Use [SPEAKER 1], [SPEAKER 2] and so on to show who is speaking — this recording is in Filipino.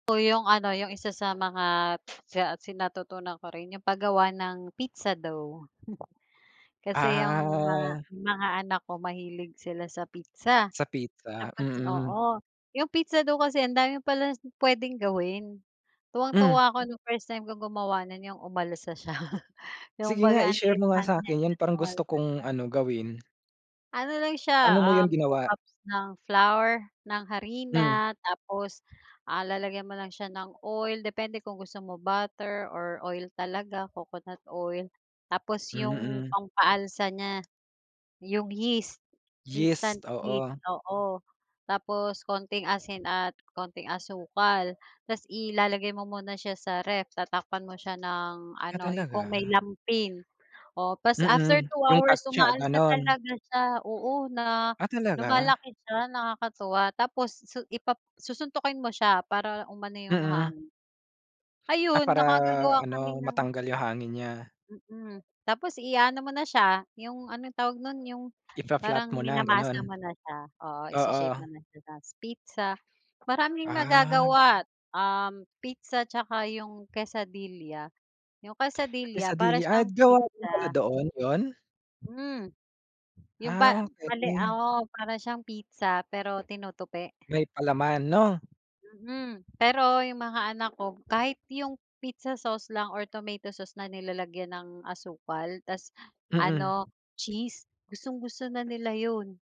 [SPEAKER 1] Oh 'yong ano 'yong isa sa mga siya si natutunan ko rin 'yong paggawa ng pizza dough. Kasi 'yong mga
[SPEAKER 2] Ah.
[SPEAKER 1] mga anak ko mahilig sila sa pizza
[SPEAKER 2] Sa pizza,
[SPEAKER 1] tapos
[SPEAKER 2] mm.
[SPEAKER 1] oo, 'yong pizza dough kasi ang dami pala puwedeng gawin.
[SPEAKER 2] Hmm.
[SPEAKER 1] Tuwang-tuwa ako nung first time ko gumawa no'n 'yong umalsa siya
[SPEAKER 2] Sige nga
[SPEAKER 1] kumbaga ang
[SPEAKER 2] i-share
[SPEAKER 1] liit
[SPEAKER 2] mo nga
[SPEAKER 1] lang niya,
[SPEAKER 2] sa'kin yan
[SPEAKER 1] eh,
[SPEAKER 2] parang gusto
[SPEAKER 1] umalsa
[SPEAKER 2] kong
[SPEAKER 1] siya.
[SPEAKER 2] ano gawin.
[SPEAKER 1] Ano lang
[SPEAKER 2] Pa'no
[SPEAKER 1] siya,
[SPEAKER 2] mo 'yun
[SPEAKER 1] um, 2
[SPEAKER 2] ginawa?
[SPEAKER 1] cups ng flour, ng
[SPEAKER 2] Hmm.
[SPEAKER 1] harina tapos, ah, lalagyan mo lang siya ng oil depende kung gusto mo butter or oil talaga, coconut oil, tapos yung
[SPEAKER 2] Mm.
[SPEAKER 1] pampaalsa niya 'yong yeast, instant
[SPEAKER 2] Yeast,
[SPEAKER 1] yeast
[SPEAKER 2] oo.
[SPEAKER 1] oo tapos konting asin at konting asukal tapos ilalagay mo muna siya sa ref tatakpan mo siya ng
[SPEAKER 2] Ah,
[SPEAKER 1] ano, kung
[SPEAKER 2] talaga?
[SPEAKER 1] may lampin oo tapos after
[SPEAKER 2] Mm,
[SPEAKER 1] 2
[SPEAKER 2] yung
[SPEAKER 1] hours
[SPEAKER 2] katsa
[SPEAKER 1] umaalsa
[SPEAKER 2] gano'n?
[SPEAKER 1] talaga siya oo na
[SPEAKER 2] Ah, talaga?
[SPEAKER 1] lumalaki siya nakakatuwa tapos su ipa susuntukin mo siya para umano 'yong
[SPEAKER 2] Mm.
[SPEAKER 1] hangin.
[SPEAKER 2] Ah,
[SPEAKER 1] Ayun,
[SPEAKER 2] para
[SPEAKER 1] nakagagawa
[SPEAKER 2] ano
[SPEAKER 1] kami ng
[SPEAKER 2] matanggal yung hangin niya.
[SPEAKER 1] mm, tapos iaano mo na siya yung ano yung tawag no'n yung
[SPEAKER 2] I fa-flat
[SPEAKER 1] parang
[SPEAKER 2] mo na gano'n?
[SPEAKER 1] minamasa mo na siya, oo i-shi-shape
[SPEAKER 2] Oo.
[SPEAKER 1] mo na siya sa pizza, maraming
[SPEAKER 2] Ah.
[SPEAKER 1] magagawa, um, pizza 'tsaka yung quesadilla. Yung quesadilla para
[SPEAKER 2] Quesadilla, ah,
[SPEAKER 1] siyang
[SPEAKER 2] gawa din pala
[SPEAKER 1] pizza.
[SPEAKER 2] doon, 'yun?
[SPEAKER 1] Hmm. Yung pa
[SPEAKER 2] Ah,
[SPEAKER 1] mali,
[SPEAKER 2] okey.
[SPEAKER 1] oo para siyang pizza pero tinutupi.
[SPEAKER 2] May palaman 'no?
[SPEAKER 1] Mhm, pero yung mga anak ko kahit yung pizza sauce lang or tomato sauce na nilalagyan ng asukal ta's
[SPEAKER 2] Mm.
[SPEAKER 1] ano cheese, gustong-gusto na nila 'yun.